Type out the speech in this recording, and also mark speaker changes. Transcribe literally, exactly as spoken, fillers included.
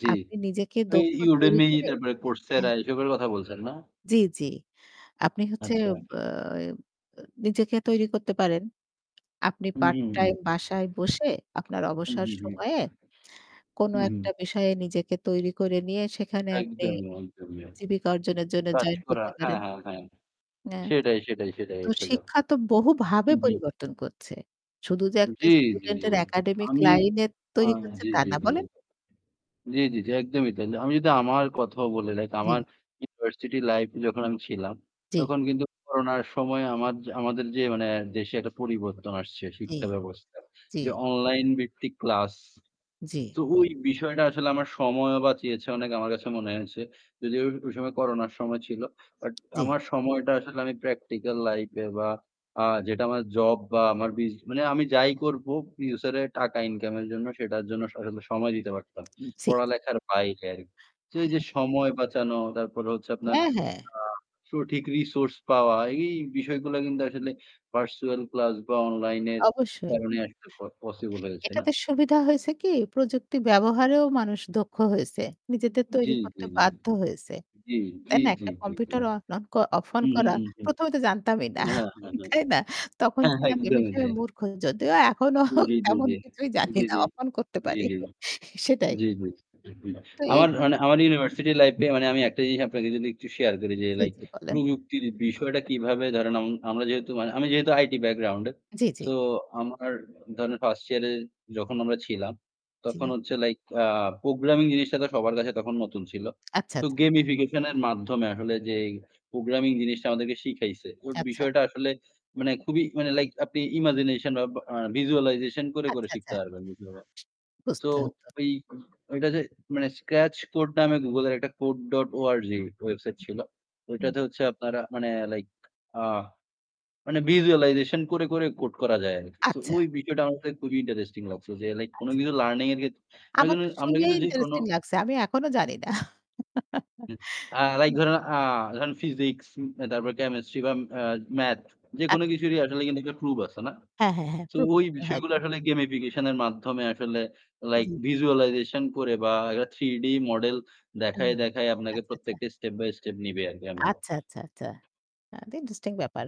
Speaker 1: জি।
Speaker 2: আপনি নিজেকে
Speaker 1: ওই
Speaker 2: দক্ষ তৈরি
Speaker 1: Udemy
Speaker 2: করে
Speaker 1: তারপরে Coursera
Speaker 2: হ্যাঁ।
Speaker 1: এসবের কথা বলছেন না?
Speaker 2: জি, জি। আপনি হচ্ছে
Speaker 1: আচ্ছা।
Speaker 2: আ নিজেকে তৈরি করতে পারেন। আপনি
Speaker 1: হুম,
Speaker 2: পার্ট
Speaker 1: হুম,
Speaker 2: টাইম
Speaker 1: হুম।
Speaker 2: বাসায় বসে আপনার
Speaker 1: হুম,
Speaker 2: অবসর
Speaker 1: হুম, হুম।
Speaker 2: সময়ে কোন
Speaker 1: হুম, হুম।
Speaker 2: একটা বিষয়ে নিজেকে তৈরি করে নিয়ে সেখানে আপনি
Speaker 1: একদমই, একদমই।
Speaker 2: জীবিকা অর্জনের জন্য
Speaker 1: কাজ
Speaker 2: জয়েন
Speaker 1: করা।
Speaker 2: করতে
Speaker 1: হ্যাঁ,
Speaker 2: পারেন।
Speaker 1: হ্যাঁ, হ্যাঁ।
Speaker 2: হ্যাঁ,
Speaker 1: সেটাই, সেটাই, সেটাই
Speaker 2: তো
Speaker 1: আসলে।
Speaker 2: শিক্ষা তো
Speaker 1: এ
Speaker 2: বহুভাবে
Speaker 1: হুম, হুম।
Speaker 2: পরিবর্তন করছে। শুধু যে একটা
Speaker 1: জি, জি, জি
Speaker 2: স্টুডেন্টের একাডেমিক
Speaker 1: আমি
Speaker 2: লাইন
Speaker 1: আ
Speaker 2: তৈরি করছে
Speaker 1: জি,
Speaker 2: তা
Speaker 1: জি,
Speaker 2: না
Speaker 1: জি।
Speaker 2: বলেন।
Speaker 1: জি, জি, জি
Speaker 2: হুম।
Speaker 1: একদই তাই। আমি যদি আমার কথাও বলি লাইক আমার
Speaker 2: জি।
Speaker 1: ইউনিভার্সিটি লাইফ এ যখন আমি ছিলাম,
Speaker 2: জি।
Speaker 1: তখন কিন্তু করোনার সময় আমা আমাদের যে মানে দেশে একটা পরিবর্তন আসছে
Speaker 2: জি।
Speaker 1: শিক্ষা ব্যবস্থার
Speaker 2: জি।
Speaker 1: যে অনলাইন ভিত্তিক ক্লাস
Speaker 2: জি।
Speaker 1: তো ওই বিষয়টা আসলে আমার সময়ও বাঁচিয়েছে অনেক আমার কাছে মনে হয়েছে। যদিও ওই সময় করোনার সময় ছিল। বাট
Speaker 2: জি।
Speaker 1: আমার সময়টা আসলে আমি প্র্যাকটিক্যাল লাইফ এ বা আ যেটা আমার জব বা আমার মানে আমি যাই করব ফিউচার এর টাকা ইনকাম এর জন্য সেটার জন্য আসলে সময় দিতে পারতাম।
Speaker 2: উম জি, জি।
Speaker 1: পড়ালেখার বাইরে আরকি। তো এই যে
Speaker 2: হ্যাঁ।
Speaker 1: সময় বাঁচানো তারপরে হচ্ছে আপনার
Speaker 2: হ্যাঁ, হ্যাঁ।
Speaker 1: আ সঠিক রিসোর্স পাওয়া এই বিষয়গুলো কিন্তু আসলে পার্সোনাল ক্লাস বা অনলাইন এর
Speaker 2: অবশ্যই।
Speaker 1: কারণে আসলে পসিবল হয়েছে না।
Speaker 2: এটাতে সুবিধা হয়েছে কি প্রযুক্তি ব্যবহারেও মানুষ দক্ষ হয়েছে নিজেদের
Speaker 1: জি,
Speaker 2: তৈরি
Speaker 1: জি,
Speaker 2: করতে
Speaker 1: জি।
Speaker 2: বাধ্য হয়েছে।
Speaker 1: জি, জি,
Speaker 2: তাই না
Speaker 1: জি,
Speaker 2: একটা
Speaker 1: জি, জি।
Speaker 2: কম্পিউটার অন অফ অন
Speaker 1: হুম, ‍হুম,
Speaker 2: করা
Speaker 1: হুম, হুম।
Speaker 2: প্রথম এ তো জানতামই না
Speaker 1: হ্যাঁ, হ্যাঁ, হ্যাঁ।
Speaker 2: তাই না তখন
Speaker 1: হ্যাঁ।
Speaker 2: ছিলাম এই
Speaker 1: একদমই
Speaker 2: বিষয়ে
Speaker 1: তাই।
Speaker 2: মূর্খ যদিও এখনও
Speaker 1: জি, জি, জি,
Speaker 2: তেমন
Speaker 1: জি।
Speaker 2: কিছুই জানি
Speaker 1: জি,
Speaker 2: না
Speaker 1: জি।
Speaker 2: অফ-অন করতে
Speaker 1: জি,
Speaker 2: পারি
Speaker 1: জি।
Speaker 2: সেটাই।
Speaker 1: জি, জি। উহুম।
Speaker 2: তো
Speaker 1: আমার
Speaker 2: এইভাবে
Speaker 1: মানে আমার ইউনিভার্সিটি লাইফ এ মানে আমি একটা জিনিস আপনাকে যদি একটু শেয়ার করি যে
Speaker 2: জি,
Speaker 1: লাইক
Speaker 2: জি বলেন।
Speaker 1: প্রযুক্তির বিষয়টা কিভাবে ধরেন আম আমরা যেহেতু আমি যেহেতু আইটি ব্যাকগ্রাউন্ড এ
Speaker 2: জি, জি।
Speaker 1: তো আমার ধরেন ফার্স্ট ইয়ার এ যখন আমরা ছিলাম তখন
Speaker 2: জি।
Speaker 1: হচ্ছে লাইক প্রোগ্রামিং জিনিসটা তো সবার কাছে তখন নতুন ছিল।
Speaker 2: আচ্ছা,
Speaker 1: তো
Speaker 2: আচ্ছা।
Speaker 1: গেমিফিকেশন এর মাধ্যমে আসলে যে প্রোগ্রামিং জিনিসটা আমাদেরকে শিখাইছে। তো
Speaker 2: আচ্ছা।
Speaker 1: বিষয়টা আসলে মানে খুবই মানে লাইক আপনি ইমাজিনেশন বা ভিজুয়ালাইজেশন করে করে
Speaker 2: আচ্ছা, আচ্ছা।
Speaker 1: শিখতে পারবেন। সো
Speaker 2: বুঝতে হতো।
Speaker 1: ঐ এইটা যে মানে স্ক্র্যাচ কোড নামে গুগল এর একটা কোড ডট অর্গ ওয়েবসাইট
Speaker 2: হুম,
Speaker 1: ছিল।
Speaker 2: হুম। হুম।
Speaker 1: ওইটাতে হচ্ছে আপনারা মানে লাইক আ মানে ভিজুয়ালাইজেশন করে, করে কোড করা যায় আরকি। সো
Speaker 2: আচ্ছা।
Speaker 1: ওই বিষয়টা আমার খুবই ইন্টারেস্টিং লাগছে। যে লাইক কোন
Speaker 2: আচ্ছা।
Speaker 1: কিছু লার্নিং এর ক্ষেত্রে আমরা
Speaker 2: আমার তো
Speaker 1: আমরা
Speaker 2: শুনেই
Speaker 1: কিন্তু যেকোনো
Speaker 2: ইন্টারেস্টিং লাগছে। আমি এখনো জানি না।
Speaker 1: লাইক ধরেন আ ফিজিক্স, তারপর কেমিস্ট্রি বা আ মাথস যেকোনো
Speaker 2: আচ্ছা।
Speaker 1: কিছুরই আসলে কিন্তু একটা প্রুফ আছে না?
Speaker 2: হ্যাঁ, হ্যাঁ, হ্যাঁ।
Speaker 1: তো
Speaker 2: প্রুফ
Speaker 1: ওই
Speaker 2: করতে
Speaker 1: বিষয়গুলো
Speaker 2: হয়তো।
Speaker 1: আসলে গেমিফিকেশন এর মাধ্যমে আসলে লাইক
Speaker 2: জি।
Speaker 1: ভিজুয়ালাইজেশন করে বা থ্রি ডি মডেল
Speaker 2: ও
Speaker 1: দেখায়ে দেখায় আপনাকে
Speaker 2: আচ্ছা, আচ্ছা।
Speaker 1: প্রত্যেকটা স্টেপ বাই স্টেপ নিবে আরকি এমন।
Speaker 2: আচ্ছা, আচ্ছা, আচ্ছা। এটা ইন্টারেস্টিং ব্যাপার।